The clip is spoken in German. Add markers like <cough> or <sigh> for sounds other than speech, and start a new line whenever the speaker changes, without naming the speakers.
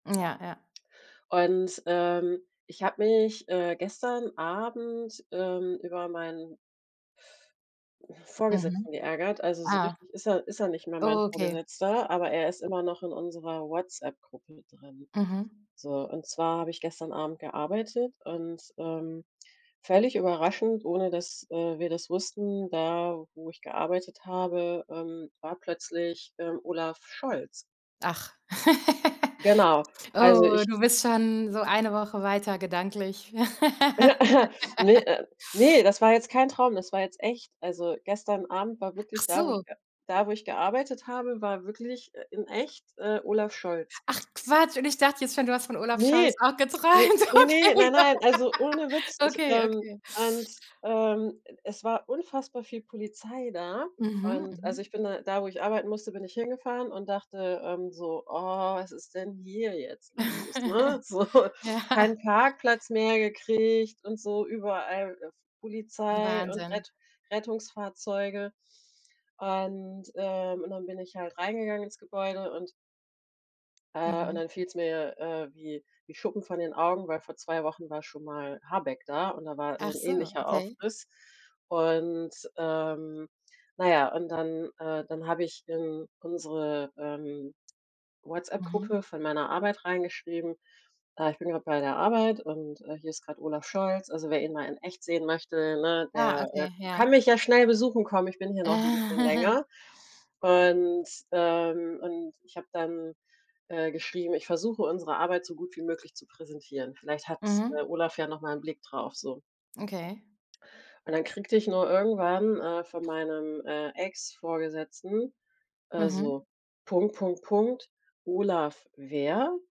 Ja, ja.
Und, ähm, ich habe mich, äh, gestern Abend, ähm, über meinen
Mhm.
Vorgesetzten geärgert. Also, so
Ah.
richtig ist er ist er nicht mehr mein
Okay.
Vorgesetzter, aber er ist immer noch in unserer Whatsapp-Gruppe drin.
Mhm.
So, und zwar habe ich gestern Abend gearbeitet und, ähm, völlig überraschend, ohne dass, äh, wir das wussten, da, wo ich gearbeitet habe, ähm, war plötzlich, ähm, Olaf Scholz.
Ach. <laughs>
Genau, also
Oh,
ich
du bist schon so 1 Woche weiter gedanklich. <laughs>
Ne äh, ne, das war jetzt kein Traum, das war jetzt echt. Also, gestern Abend war wirklich da, wo ich
Achso.
ge da, wo ich gearbeitet habe, war wirklich, äh, in echt, äh, Olaf Scholz.
Ach Quatsch. Und ich dachte jetzt schon, du hast von Olaf Scholz
Ne,
auch
ne,
geträumt.
ne, ne,
Okay,
nein, nein, also, ohne
<laughs>
Witz, ich
okay,
ähm,
okay.
und, ähm, es war unfassbar viel Polizei da
Mhm,
und also, ich
mhm.
bin da da, wo ich arbeiten musste, bin ich hingefahren und dachte, ähm, so: „Oh, was ist denn hier jetzt los,“ ne?
<giggles>
So,
Ja.
keinen Parkplatz mehr gekriegt und so überall, äh, F Polizei und
Wahnsinn.
Rett Rettungsfahrzeuge. Und äh, und dann bin ich halt reingegangen ins Gebäude und äh, und
Mhm.
dann fiel's mir, äh, wie wie Schuppen von den Augen, weil vor 2 Wochen war schon mal Habeck da und da war so
Ach
'n
so,
ähnlicher
okay.
Aufriss. Und ähm, na ja, und dann äh, dann habe ich in unsere, ähm,
Mhm.
Whatsapp-Gruppe von meiner Arbeit reingeschrieben: „Äh, ich bin grad bei der Arbeit und, äh, hier ist grad Olaf Scholz. Also, wer ihn mal in echt sehen möchte, ne?
Ah,
Der, äh,
okay,
kann
ja.
mich ja schnell besuchen kommen. Ich bin hier noch 'n bisschen
<chuckles>
länger.“ Und ähm, und ich habe dann, äh, geschrieben: „Ich versuche unsere Arbeit so gut wie möglich zu präsentieren. Vielleicht hat,
Mhm.
äh, Olaf ja noch mal 'n Blick drauf so."
Okay.
Und dann kriegte ich nur irgendwann, äh, von meinem, äh, Ex-Vorgesetzten, äh,
Mhm.
so: „Punkt, Punkt, Punkt, Olaf, wer?"